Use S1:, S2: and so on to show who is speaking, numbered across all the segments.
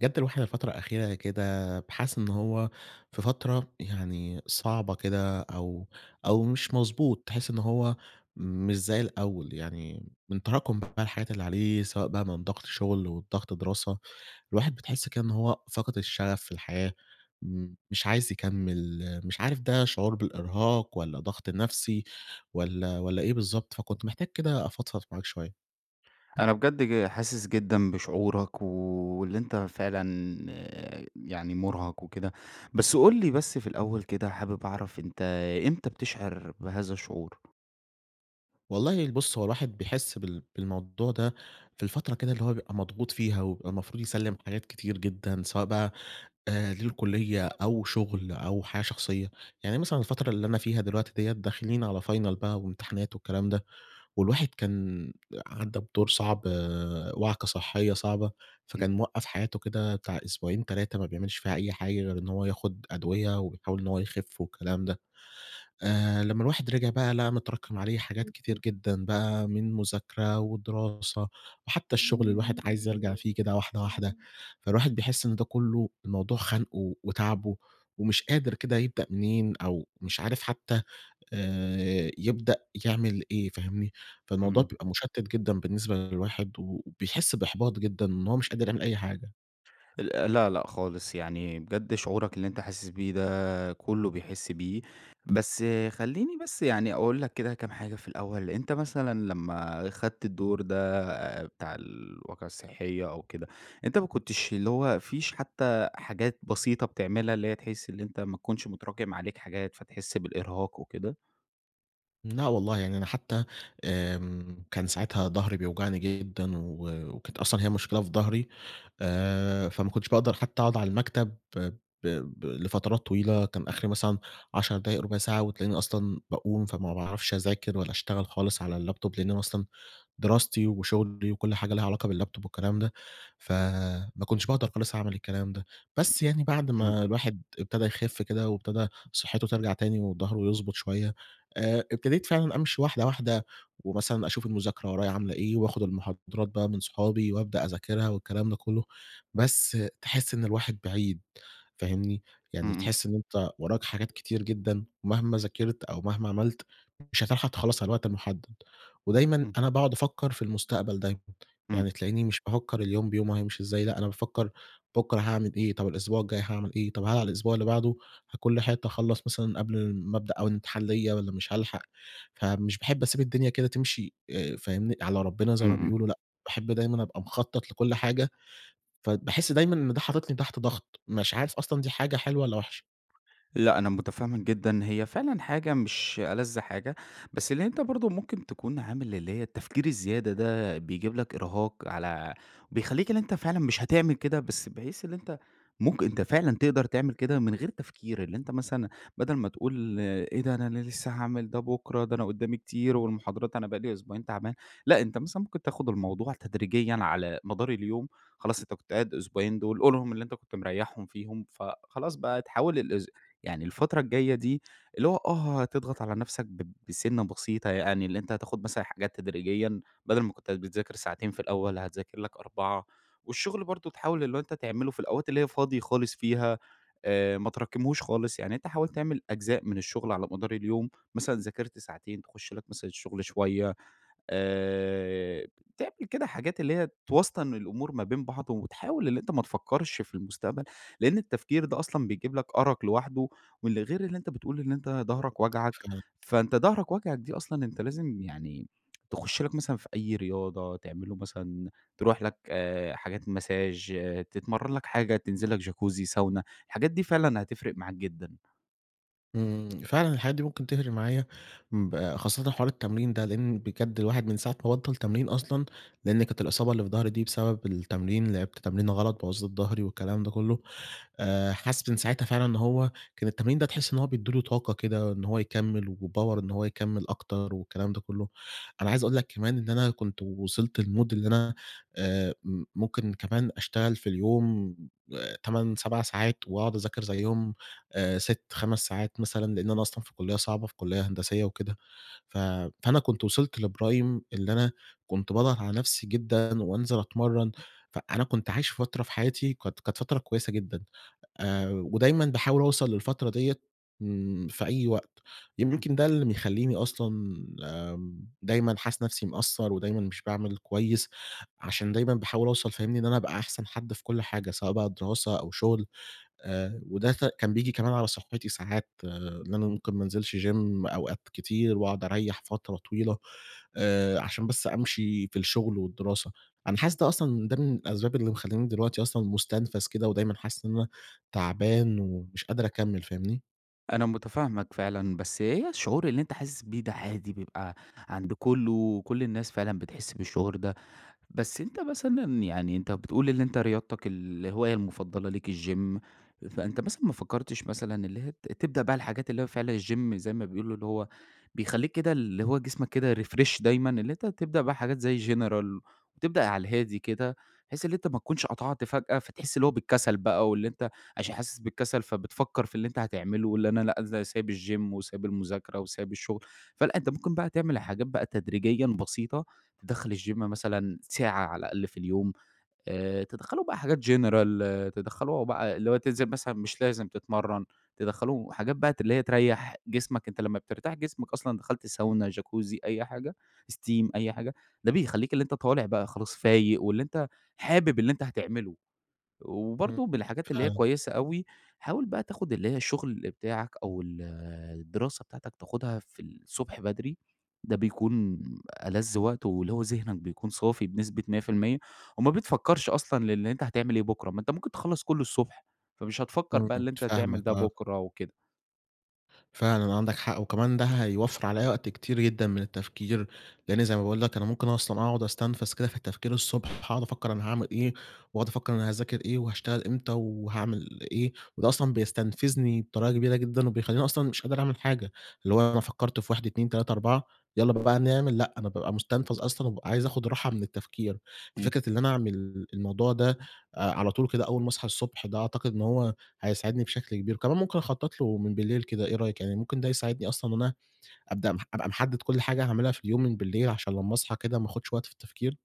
S1: بجد الواحد الفترة الأخيرة كده، بقى حاسس إن هو في فترة يعني صعبة كده أو أو مش مضبوط، تحس إن هو مش زي الأول، يعني من تراكم الحاجات اللي عليه سواء بقى من ضغط شغل وضغط دراسة، الواحد بتحس كأنه هو فاقد الشغف في الحياة، امم، مش عايز يكمل، مش عارف ده شعور بالإرهاق والَّا ضغط النفسي، والّا والّا إيه بالضبط، فكنت محتاج كده أفضفض معاك شوية.
S2: أنا بجد ج حاسس جدًا بشعورك واللي أنت فعلًا يعني مرهق وكده، بس قُل لي بس في الأول كده، حابب أعرف، أنت إمتى بتشعر بهذا الشعور؟
S1: والله ال بُص هو الواحد بيحس بال بالموضوع ده، في الفترة كده اللي هو بيبقى مضغوط فيها ويبقى المفروض يسلِّم حاجات كتير جدًا، سواء بقى، آآ، للكلية أو شغل أو حاجة شخصية، يعني مثلًا الفترة اللي أنا فيها دلوقتي ديَّة داخلين على Final بقى وامتحانات والكلام ده والواحد كان عدى بدور صعب، وعكة صحية صعبة،
S2: إمم.
S1: فكان موقّف حياته كده بتاع أسبوعين، 3، ما بيعملش فيها أي حاجة غير إن هو ياخد أدوية، ويحاول إن هو يخف والكلام ده، آآ، لما الواحد رجع بقى لقى متراكم عليه حاجات كتير جدًا بقى من مذاكرة ودراسة وحتى الشغل، الواحد عايز يرجع فيه كده واحدة واحدة، فالواحد بيحس إن ده كله الموضوع خانقه وتاعبه ومش قادر كده يبدأ منين أو مش عارف حتى، آآ، يبدأ يعمل إيه، فاهمني، فالموضوع
S2: إمم.
S1: بيبقى مُشتت جدًا بالنسبة للواحد وبيحس بإحباط جدًا إن هو مش قادر يعمل أي حاجة.
S2: ال لأ، لأ خالص يعني، بجد شعورك اللي أنت حاسس بيه ده كله بيحس بيه، بس خلّيني بس يعني أقول لك كده كام حاجة في الأول، أنت مثلًا لما خدت الدور ده بتاع الواقعة الصحية أو كده، أنت ما كنتش اللي هو، ما فيش حتى حاجات بسيطة بتعملها، اللي هي تحس إن أنت ما تكونش متراكم عليك حاجات، فتحس بالإرهاق وكده؟
S1: لأ والله يعني، أنا حتى آمم كان ساعتها ضهري بيوجعني جدًا، و و كانت أصلًا هي مشكلة في ضهري، آآ فما كنتش باقدر حتى أقعد على المكتب ب ب لفترات طويلة، كان آخري مثلًا 10 دقايق ربع ساعة، وتلاقيني أصلًا باقوم، فما باعرفش أذاكر ولا أشتغل خالص على اللابتوب، لأن أنا أصلًا دراستي وشغلي وكل حاجة ليها علاقة باللابتوب والكلام ده، فما كنتش باقدر خالص أعمل الكلام ده. بس يعني بعد
S2: إمم.
S1: ما الواحد ابتدا يخف كده، وابتدا صحته ترجع تاني، وضهره يضبط شوية، آآ ابتديت فعلًا أمشي واحدة واحدة، ومثلًا أشوف المذاكرة ورايا عاملة إيه، واخد المحاضرات بقى من صحابي، وابدأ أذاكرها والكلام ده كله، بس تحس إن الواحد بعيد فاهمني؟
S2: إمم،
S1: يعني
S2: إمم.
S1: تحس إن أنت وراك حاجات كتير جدًا، مهما ذاكرت أو مهما عملت، مش هتلحق تخلَّص على الوقت المحدد، ودايمًا
S2: إمم.
S1: أنا باقعد أفكر في المستقبل دايمًا
S2: إمم.
S1: يعني، تلاقيني مش بافكر اليوم بيومه هيمشي إزاي، لأ أنا بافكر بكرة هاعمل إيه، طب الأسبوع الجاي هاعمل إيه، طب هل على الأسبوع اللي بعده هاكون لحقت أخلَّص مثلًا قبل ما ابدأ أول امتحان ليّا والّا مش هالحق، فمش باحب أسيب الدنيا كده تمشي فاهمني على ربنا، زي
S2: إمم،
S1: ما
S2: إمم.
S1: بيقولوا، لأ باحب دايمًا أبقى مخطط لكل حاجة، فباحس دايمًا إن ده حاططني تحت ضغط، مش عارف أصلًا دي حاجة حلوة، والّا وحشة؟
S2: لأ، أنا متفهم جدًا إن هي فعلًا حاجة مش ألذ حاجة، بس اللي أنت برضه ممكن تكون عامل اللي هي التفكير الزيادة ده، بيجيب لك إرهاق، على بيخليك اللي أنت فعلًا مش هتعمل كده، بس بحيث اللي أنت ممكن أنت فعلًا تقدر تعمل كده من غير تفكير، اللي أنت مثلًا بدل ما تقول إيه ده! أنا لسه هاعمل ده بُكرة، ده أنا قدامي كتير والمحاضرات أنا بقى لي أسبوعين تعبان، لأ، أنت مثلًا ممكن تاخد الموضوع تدريجيًا على مدار اليوم، خلاص أنت كنت قاعد أسبوعين دول، قُلهم اللي أنت كنت مريحهم فيهم، فخلاص بقى تحاول الأس يعني الفترة الجاية دي، اللي هو آه، هتضغط على نفْسَك ب بسنة بسيطة، يعني اللي أنت هتاخد مثلًا حاجات تدريجيًا، بدل ما كنت بتذاكر ساعتين في الأول، هتذاكر لك 4 والشغل برضه، تحاول اللي هو أنت تعمله في الأوقات اللي هي فاضي خالص فيها، آآ، ما تراكمهوش خالص، يعني أنت حاولت تعمل أجزاء من الشغل على مدار اليوم، مثلًا ذاكرت ساعتين، تخش لك مثلًا الشغل شوية، آآ، تعمل كده حاجات اللي هي توسطن الأمور ما بين بعض، وتحاول اللي أنت ما تفكرش في المستقبل، لأن التفكير ده أصلًا بيجيب لك أرق لوحده، واللي غير اللي أنت بتقول إن أنت ضهرك واجعك،
S1: [unintelligible]
S2: فأنت ضهرك واجعك دي أصلًا أنت لازم يعني تخش لك مثلًا في أي رياضة، تعمله مثلًا ترُوح لك، آآ، حاجات Massage تتمرن لك حاجة، تنزل لك Jacuzzi ،Sauna الحاجات دي فعلًا هتفرق معاك جدًا.
S1: إمم، فعلًا الحاجات دي ممكن تفرِق معايا ب خاصةً حوار التمرين ده لأن بجد الواحد من ساعة ما بطَّل تمرين أصلًا، لأن كانت الإصابة اللي في ضَهري دي بسبَب التمرين، لعِبت تمرينة غلط بوّظِت ضَهري والكلام ده كلّه. آآ حاسس من ساعتها فعلًا إن هو كان التمرين ده تحِس إن هو بيدّي له طاقة كده إن هو يكمّل وpower إن هو يكمّل أكتر والكلام ده كلّه. أنا عايز أقول لك كمان إن أنا كنت وصِلت لمود إن أنا آآ م ممكن كمان أشتغل في اليوم آآ 8، 7 ساعات وأقعُد أذاكر زيّهم آآ 6، 5 ساعات مثلًا، لأن أنا أصلًا في كُلّية صعبة، في كُلّية هندسيّة وكده، ف فأنا كنت وصِلت لprime اللي أنا كنت باضغَط على نَفسي جدًا وأنزِل أتمرّن. فأنا كنت عايش فترة في حياتي كانت كانت فترة كويسة جدًا، آآ ودايمًا باحاول أوصَل للفترة ديّة ن في أي وقت،
S2: [unintelligible]
S1: يمكن ده اللي بيخلّيني أصلًا آمم دايمًا حاسس نَفسي مقصّر ودايمًا مش باعمل كويس عشان دايمًا باحاول أوصَل فاهمني، إن أنا أبقى أحسَن حد في كلّ حاجة، سواء بقى دراسة أو شغل آآ، وده سا كان بييجي كمان على صحّتي، ساعات إن أنا ممكن ما أنزِلش gym أوقات كتير وأقعُد أريّح فترة طويلة، آآ عشان بس أمشي في الشغل والدراسة، أنا حاسس ده أصلًا، ده من الأسباب اللي مخلّياني دلوقتي أصلًا مُستنفَز كده ودايمًا حاسس إن أنا تَعبان ومش قادر أكمّل فاهمني؟
S2: أنا متفاهمَك فعلًا، بس هي الشعور اللي أنت حاسس بيه ده عادي، بيبقى عند كله، وكل الناس فعلًا بتحس بالشعور ده. بس أنت مثلًا يعني، أنت بتقول إن أنت رياضتك الهواية المفضلة ليك الGym، فأنت مثلًا ما فكرتش مثلًا، اللي هي ت تبدأ بقى الحاجات اللي هي فعلًا الGym، زي ما بيقولوا، اللي هو بيخليك كده اللي هو جسمك كده refresh دايمًا، اللي أنت تبدأ بقى حاجات زي General، وتبدأ على الهادي كده، بحيث إن أنت ما تكونش قطعت فجأة، فتحس اللي هو بالكسل بقى، واللي أنت عشان حاسس بالكسل، فبتفكر في اللي أنت هتعمله، واللي أنا لأ إزاي سايب الGym، وسايب المذاكرة، وسايب الشغل. فلأ، أنت ممكن بقى تعمل الحاجات بقى تدريجيًا بسيطة، داخل الGym مثلًا ساعة على الأقل في اليوم، آآ تدخّلوا بقى حاجات general، تدخلوا هو بقى اللي هو تنزل مثلًا مش لازم تتمرن، تدخلوا حاجات بقى ت اللي هي تريح جسمك، أنت لما بترتاح جسمك أصلًا، دخلت ساونا، جاكوزي، أي حاجة، steam، أي حاجة، ده بيخليك اللي أنت طالع بقى خلاص فايق، واللي أنت حابب اللي أنت هتعمله.
S1: إمم
S2: وبرضه بالحاجات اللي هي
S1: فعلًا.
S2: كويسة أوي، حاول بقى تاخد اللي هي الشغل بتاعك، أو ال الدراسة بتاعتك، تاخدها في الصبح بدري، ده بيكون ألذ وقت، واللي هو ذهنك بيكون صافي بنسبة 100%، وما بتفكرش أصلًا للي أنت هتعمل إيه بُكرة، ما أنت ممكن تخلص كله الصبح، فمش هتفكر
S1: إمم،
S2: بقى اللي أنت هتعمل
S1: فاهمك
S2: ده
S1: آه.
S2: بُكرة وكده.
S1: فعلًا عندك حق، وكمان ده هيوفّر عليّا وقت كتير جدًا من التفكير، لإن زي ما باقول لك أنا ممكن أصلًا أقعُد أُستنفز كده في التفكير الصبح هاقعُد أفكر أنا هاعمل إيه، وأقعُد أفكر أنا هاذاكر إيه، وهاشتغل إمتى وهاعمل إيه؟ وده أصلًا بيستنفزني بطريقة كبيرة جدًا، وبيخلّيني أصلًا مش قادر أعمل حاجة، اللي هو أنا فكرت في 1 2 3 4 يالّا بقى نعمل لأ، أنا بابقى مُستنفز أصلًا، وبابقى عايز أخُد راحة من التفكير،
S2: إمم.
S1: ففكرة إن أنا أعمل الموضوع ده على طول كده أول ما أصحى الصبح، ده أعتقد إن هو هيساعدني بشكل كبير، كمان ممكن أخطَّط لُه من بالليل كده، إيه رأيِك؟ يعني ممكن ده يساعدني أصلًا إن أنا أبدأ مح أبقى محدِّد كُلّ حاجة هاعملها في اليوم من بالليل، عشان لمّا أصحى كده ما آخُدش وقت في التفكير.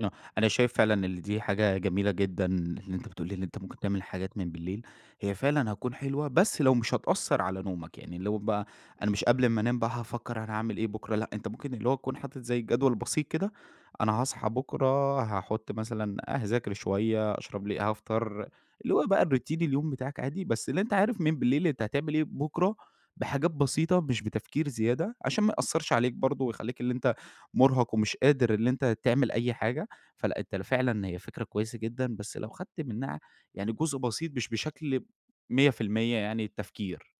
S2: آه، أنا شايف فعلًا إن دي حاجة جميلة جدًا، إن أنت بتقول لي إن أنت ممكن تعمل حاجات من بالليل، هي فعلًا هتكون حلوة، بس لو مش هتأثّر على نومك يعني لو بقى أنا مش قبل اما أنام بقى هافكر أنا هاعمل إيه بكرة لأ، أنت ممكن اللي هو تكون حاطط زي جدول بسيط كده، أنا هاصحى بكرة هاحُطّ مثلًا أ هاذاكر شوية، أشرب لي هافطر، اللي هو بقى الRoutine اليوم بتاعك عادي، بس اللي أنت عارف من بالليل أنت هتعمل إيه بُكرة، بحاجات بسيطة مش بتفكير زيادة، عشان ما يأثرش عليك برضه، ويخلّيك اللي أنت مُرهق، ومش قادر اللي أنت تعمل أي حاجة، فلأ، أنت فعلًا هي فكرة كويسة جدًا، بس لو خدت منها يعني جزء بسيط مش بشكل 100% يعني التفكير.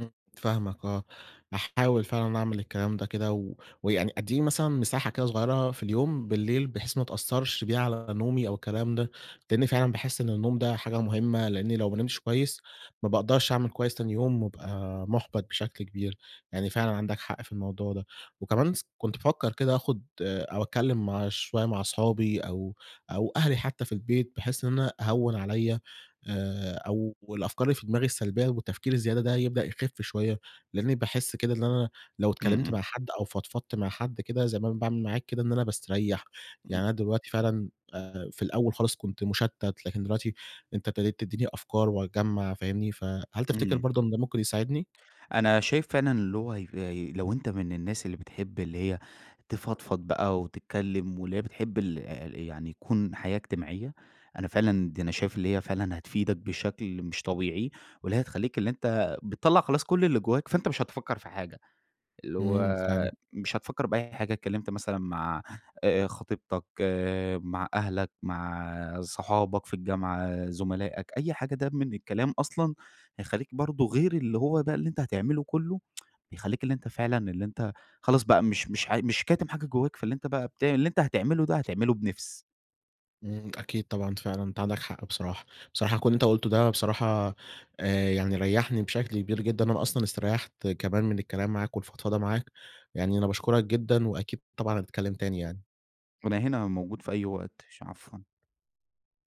S1: إمم. فاهمك آه. هاحاول فعلًا أعمل الكلام ده كده و ويعني أدّية مثلًا مساحة كده صغيّرة في اليوم بالليل، بحيث ما تأثّرش بها على نومي أو الكلام ده، لإني فعلًا باحس إن النوم ده حاجة مُهمّة، لإني لو ما نِمتش كويّس ما باقدَرش أعمل كويس تاني يوم وابقى مُحبَط بشكل كبير يعني، فعلًا عندك حق في الموضوع ده، وكمان س كنت بافكّر كده آخُد أو أتكلّم مع شويّة مع أصحابي أو أو أهلي حتى في البيت، بحيث إن أنا أهوّن عليَّ آآ، أو الأفكار اللي في دماغي السلبيّة والتفكير الزيادة ده هيبدأ يخِف شويّة، لإنّي باحس كده اللي أنا لو
S2: إمم،
S1: اتكلّمت
S2: إمم.
S1: مع حد أو فضفضت مع حد كده زي ما أنا باعمل معاك كده إن أنا باستريّح، يعني
S2: امم.
S1: أنا دلوقتي فعلًا آآ، في الأول خالص كنت مُشتَّت لكن دلوقتي أنت ابتديت تدّيني أفكار وأجمّع فاهمني، فهل تفتكِر
S2: امم.
S1: برضه إن ده ممكن يساعدني؟
S2: أنا شايف فعلًا اللي هو هيف لو أنت من الناس اللي بتحب اللي هي تفضفض بقى وتتكلّم واللي هي بتحب الع يعني يكُون حياة إجتماعيّة، أنا فعلًا دي أنا شايف اللي هي فعلًا هتفيدك بشكل مش طبيعي واللي هي هتخلّيك اللي أنت بتطلّع خلاص كلّ اللي جوّاك فأنت مش هتفكّر في حاجة، اللي هو
S1: إمم، فعلًا.
S2: مش هتفكّر بأي حاجة اتكلّمت مثلًا مع آآ خطيبتك، آآ، مع أهلك، مع صُحابك في الجامعة، زُملائك، أي حاجة ده من الكلام أصلًا هيخلّيك برضه غير اللي هو بقى اللي أنت هتعمله كلّه يخلّيك اللي أنت فعلًا اللي أنت خلاص بقى، مش مش ع مش كاتِم حاجة جوّاك، فاللي أنت بقى بتع اللي أنت هتعمله ده هتعمله بنِفس.
S1: إمم. أكيد طبعًا، فعلًا أنت عندك حق بصراحة. بصراحة كلّ اللي أنت قُلته ده بصراحة آآ، يعني ريّحني بشكل كبير جدًا لإن أنا أصلًا استريّحت كمان من الكلام معاك والفضفضة معاك، يعني أنا باشكُرك جدًا وأكيد طبعًا هنتكلّم تاني يعني.
S2: وأنا هنا موجود في أي وقت. ش عفوًا.